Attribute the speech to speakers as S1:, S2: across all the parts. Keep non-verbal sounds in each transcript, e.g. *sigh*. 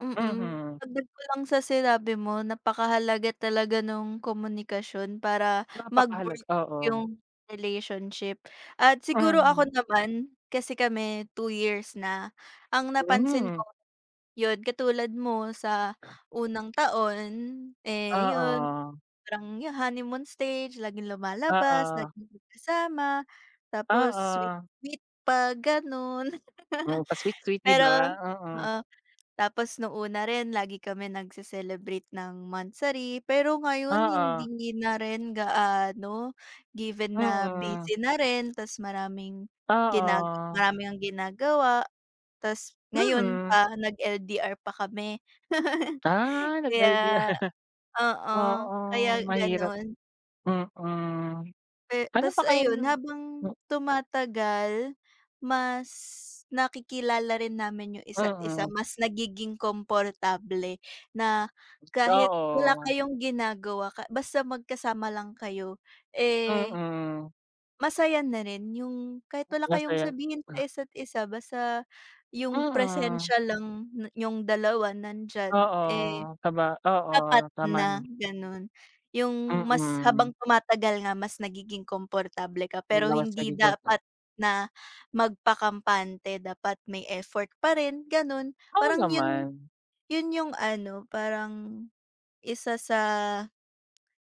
S1: Mm.
S2: Mhm.
S1: Dagdag ko lang sa sinabi mo, napakahalaga talaga nung komunikasyon para
S2: Napakahalaga,
S1: mag-work
S2: oo.
S1: yung relationship. At siguro ako
S2: Mhm.
S1: naman, kasi kami two years na, ang napansin
S2: Mhm.
S1: ko yun katulad mo sa unang taon eh, yun
S2: Oo.
S1: parang yun honeymoon stage laging lumalabas,
S2: Oo.
S1: laging magkasama, tapos sweet
S2: Oo.
S1: sweet pa ganun.
S2: Oh, pa sweet
S1: *laughs*
S2: sweet, 'di ba,
S1: Pero
S2: oo.
S1: oo. Tapos nung una rin, lagi kami nagse-celebrate ng monthsary, pero ngayon
S2: Oo.
S1: hindi na rin gaano. Given na
S2: Mm.
S1: busy na rin tas maraming gina
S2: Oo.
S1: marami ang ginagawa. Tas ngayon
S2: Mm.
S1: pa nag LDR pa kami. *laughs*
S2: Ah, nag LDR.
S1: Kaya
S2: *laughs*
S1: oo, kaya
S2: Oo mahirap,
S1: ganun.
S2: mm.
S1: Eh,
S2: Ano pa
S1: tas ayun,
S2: kayang
S1: habang tumatagal mas nakikilala rin namin yung isa't isa,
S2: Mm.
S1: mas nagiging komportable, na kahit wala
S2: Oo.
S1: kayong ginagawa ka basta magkasama lang kayo, eh
S2: Mm.
S1: Masaya na rin, yung kahit wala kayong
S2: Masaya
S1: sabihin sa
S2: ah.
S1: isa't isa basta yung
S2: Mm.
S1: presensiya lang niyong dalawa nandiyan eh,
S2: Oo. Saba
S1: sapat
S2: Oo. Tama
S1: na
S2: nama
S1: ganun. Yung mas
S2: Mm.
S1: habang tumatagal nga mas nagiging komportable ka. Pero hindi
S2: *unintelligible* pa.
S1: dapat na magpakampante dapat may effort parin ganun.
S2: Oo
S1: Parang yun,
S2: naman.
S1: yun yung ano parang isa sa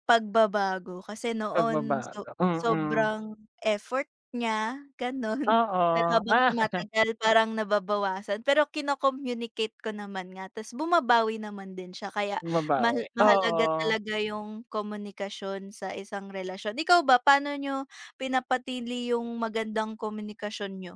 S1: pagbabago, kasi noon so
S2: Pagbabago, mm.
S1: sobrang effort niya ganun, pero
S2: Oo,
S1: habang
S2: ah. *laughs*
S1: tumatagal parang nababawasan. Pero kino-communicate ko naman nga, tas bumabawi naman din siya. Kaya
S2: Bumabawi,
S1: mahal mahalaga
S2: oo.
S1: talaga yung komunikasyon sa isang relasyon. Ikaw ba, paano niyo pinapanatili yung magandang komunikasyon niyo?